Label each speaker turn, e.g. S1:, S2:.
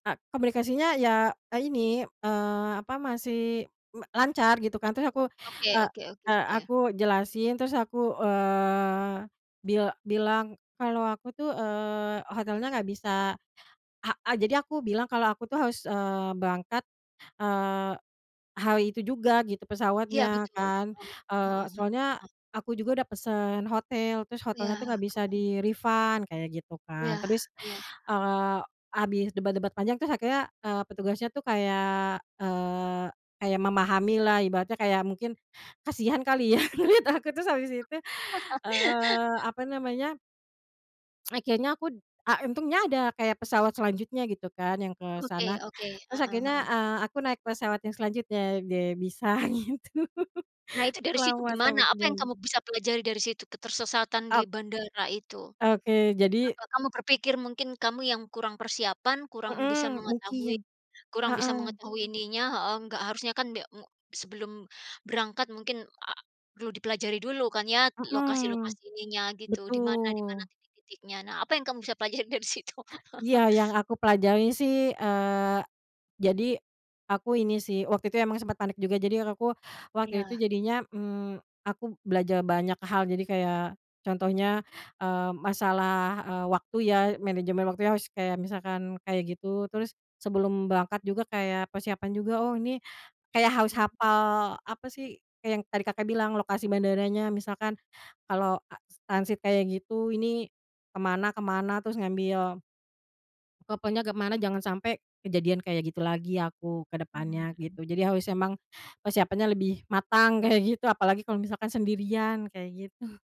S1: Ka komunikasinya ya e ini, eee, apa masih me lancar gitu kan, terus aku,
S2: Oke
S1: eee
S2: oke
S1: eee,
S2: oke ya.
S1: aku jelasin, terus aku, eee, bil bilang kalau aku tuh, eee, hotelnya nggak bisa he eee, jadi aku bilang kalau aku tuh harus, eee, berangkat, eee, hari itu juga gitu
S2: Iya
S1: pesawatnya
S2: betul,
S1: kan.
S2: heeh
S1: Eee,
S2: heeh heeh.
S1: soalnya aku juga udah pesen hotel terus
S2: Iya,
S1: hotelnya tuh gak
S2: heeh.
S1: bisa di-refund kayak gitu kan.
S2: Iya
S1: Terus,
S2: iya.
S1: eee, habis debat-debat panjang terus akhirnya, eee, petugasnya tuh kayak, eee, kayak memahami lah ibaratnya kayak mungkin kasihan kali ya menurut aku terus habis itu, eee, apa namanya akhirnya aku a untungnya ada kayak pesawat selanjutnya gitu kan yang ke sana.
S2: Oke oke,
S1: Terus
S2: heeh
S1: akhirnya,
S2: heeh.
S1: eee, aku naik pesawat yang selanjutnya ge bisa gitu
S2: Nah itu dari situ
S1: selamat
S2: gimana,
S1: sampai
S2: apa yang
S1: tujuan.
S2: kamu bisa pelajari dari situ ketersesatan
S1: Ok
S2: di bandara itu?
S1: Oke jadi.
S2: Apa kamu berpikir mungkin kamu yang kurang persiapan kurang bisa
S1: Mhm
S2: mengetahui
S1: mungkin.
S2: kurang bisa
S1: Heeh.
S2: mengetahui ininya heeh, nggak harusnya kan be mu sebelum berangkat mungkin a perlu dipelajari dulu kan ya
S1: Mhm.
S2: lokasi-lokasi ininya gitu, di mana di mana
S1: Betul.
S2: titik-titiknya. Nah apa yang kamu bisa pelajari dari situ?
S1: Iya yang aku pelajari sih, eee, jadi aku ini sih waktu itu emang sempat panik juga jadi aku, waktu itu
S2: Iya.
S1: jadinya, mmm, aku belajar banyak hal jadi kayak contohnya, eee, masalah, eee, waktu ya, manajemen waktu harus kayak misalkan kayak gitu. Terus sebelum berangkat juga kayak persiapan juga, oh ini kayak harus
S2: Mhm.
S1: hafal apa sih kayak yang tadi Kakak bilang lokasi bandaranya misalkan, kalau as transit kayak gitu ini ke mana ke mana. Terus ngambil, pokoknya ke mana jangan sampai kejadian kayak gitu lagi aku ke depannya
S2: Mhm.
S1: gitu. Jadi harus emang persiapannya lebih matang kayak gitu apalagi kalau misalkan sendirian kayak gitu.